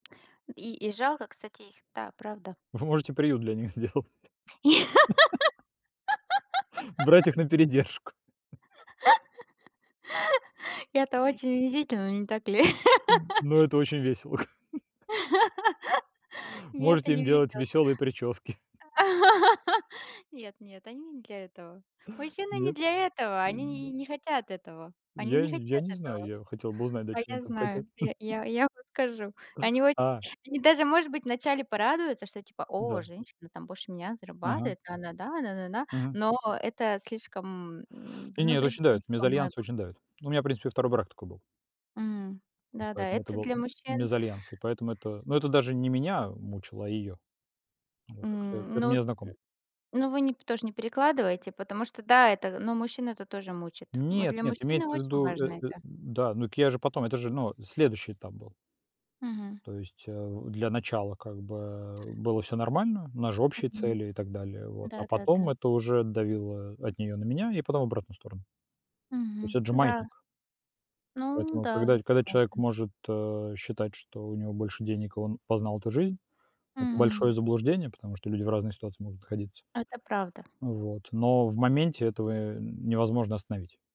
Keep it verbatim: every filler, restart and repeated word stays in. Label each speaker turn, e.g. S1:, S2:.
S1: И и жалко, кстати, их. Да, правда.
S2: Вы можете приют для них сделать. Брать их на передержку.
S1: И это очень унизительно, не так ли?
S2: М, ну, это очень весело, как бы.
S1: Мне это
S2: Можете им
S1: не
S2: делать
S1: везет.
S2: веселые прически.
S1: Нет нет, они не для этого. Мужчины не
S2: Нет?
S1: для этого,
S2: Ну
S1: они
S2: да.
S1: нь не хотят этого они
S2: Я
S1: не
S2: не я
S1: хотят
S2: не знаю.
S1: этого.
S2: Я хотел бы узнать, да,
S1: А,
S2: чего
S1: я
S2: они там хотят.
S1: знаю. Я я я вам скажу. Они очень
S2: А.
S1: они даже может быть вначале порадуются, что я типа: "О,
S2: Да.
S1: женщина, там, больше меня
S2: Мгм.
S1: зарабатывает". Да да да да да да.
S2: Мгм.
S1: Но это слишком, м,
S2: Не не, это
S1: навредить
S2: очень давит.
S1: может по-моему.
S2: Мезальянс очень давит. Ну, у меня, в принципе, второй брак такой был.
S1: М.
S2: М,
S1: Да, да,
S2: поэтому это
S1: это
S2: был
S1: для мужчин.
S2: мезальянс. И поэтому это ну это даже не меня мучало, а ее. Вот так что,
S1: М,
S2: это
S1: ну, м,
S2: мне знакомо.
S1: ну вы нь тоже не перекладывайте, потому что да, это ну, мужчин это тоже мучит. Мы
S2: Нет,
S1: для
S2: нет,
S1: мужчины
S2: имеется в
S1: очень
S2: виду э
S1: важны,
S2: э
S1: да.
S2: Да. Ну так я же потом это же, ну, следующий этап был.
S1: Мгм.
S2: То есть, а, в для начала как бы, э, было всё нормально, у нас же общие
S1: Мгм.
S2: цели и так далее, вот, а потом
S1: Да-да-да.
S2: это уже давило от неё на меня и потом в обратную сторону. То есть,
S1: Мгм.
S2: это же
S1: Да.
S2: маятник.
S1: Ну
S2: Поэтому,
S1: да, я
S2: когда когда человек
S1: согласна.
S2: может, э, считать, что у него больше денег и он познал эту жизнь, это большое
S1: М.
S2: заблуждение, потому что люди в разных ситуациях могут находиться.
S1: Это правда.
S2: Ну, вот, но в моменте этого невозможно остановить.